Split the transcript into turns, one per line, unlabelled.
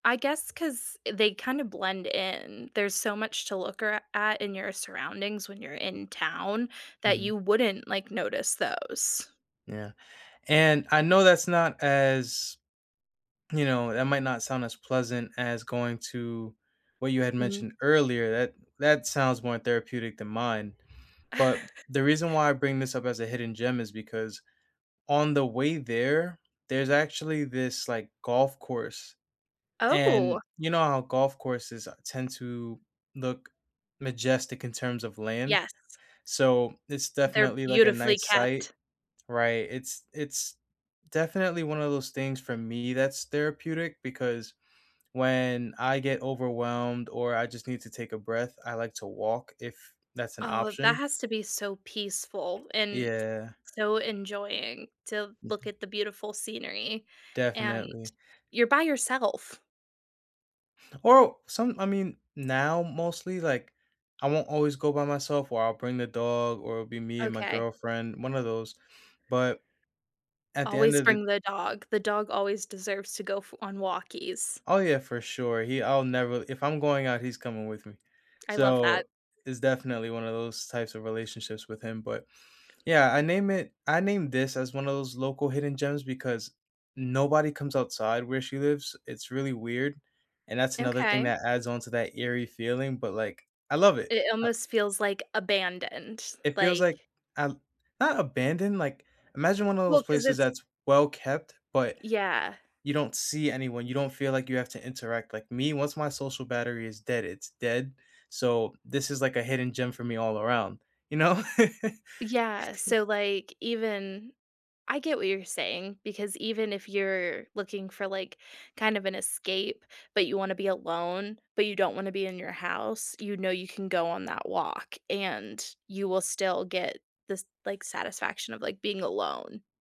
I guess 'cause they kinda blend in; there's so much to look ar at in your surroundings when you're in town that
Mhm.
you wouldn't, like, notice those.
Yeah. And I know that's not as you know, that might not sound as pleasant as going to what you had
Mm.
mentioned earlier, that that sounds more therapeutic than mine. But the reason why I bring this up as a hidden gem is because on the way there, there's actually this, like, golf course,
Oh.
and, you know how golf courses, uh, tend to look majestic in terms of land?
Yes.
So, it's
They're
definitely, like, a
beautifully
nice sight.
kept.
Right. It's it's definitely one of those things for me that's therapeutic because when I get overwhelmed or I just need to take a breath, I like to walk if that's an
Oh, that
option.
has to be so peaceful and
Yeah.
so enjoying to
Yeah.
look at the beautiful scenery, and
Definitely.
you're by yourself.
Oh! Some I mean, now mostly, like, I won't always go by myself or I'll bring the dog or it'll be me and my
Okay.
girlfriend, one of those, but, at the end
Always
of the
bring the dog; the dog always deserves to go f on walkies.
Oh, yeah, for sure; he I'll never if I'm going out, he's coming with me.
I love that.
So, it's definitely one of those types of relationships with him, but, yeah, I name it I named this as one of those local hidden gems because nobody comes outside where she lives. It's really weird, and that's another thing
Okay.
that adds on to that eerie feeling, but, like, I love it.
It
Ah
almost feels, like, abandoned,
It feels
like
like um, not abandoned, like, imagine one of those
Well, 'cause
places
it's
that's well-kept, but,
Yeah.
you don't see anyone, you don't feel like you have to interact. Like me, once my social battery is dead, it's dead. So, this is, like, a hidden gem for me all around, you know?
Yeah, so, like, even I get what you're saying because even if you're looking for, like, kind of an escape, but you wanna be alone, but you don't wanna be in your house, you know you can go on that walk and you will still get this, like, satisfaction of, like, being alone.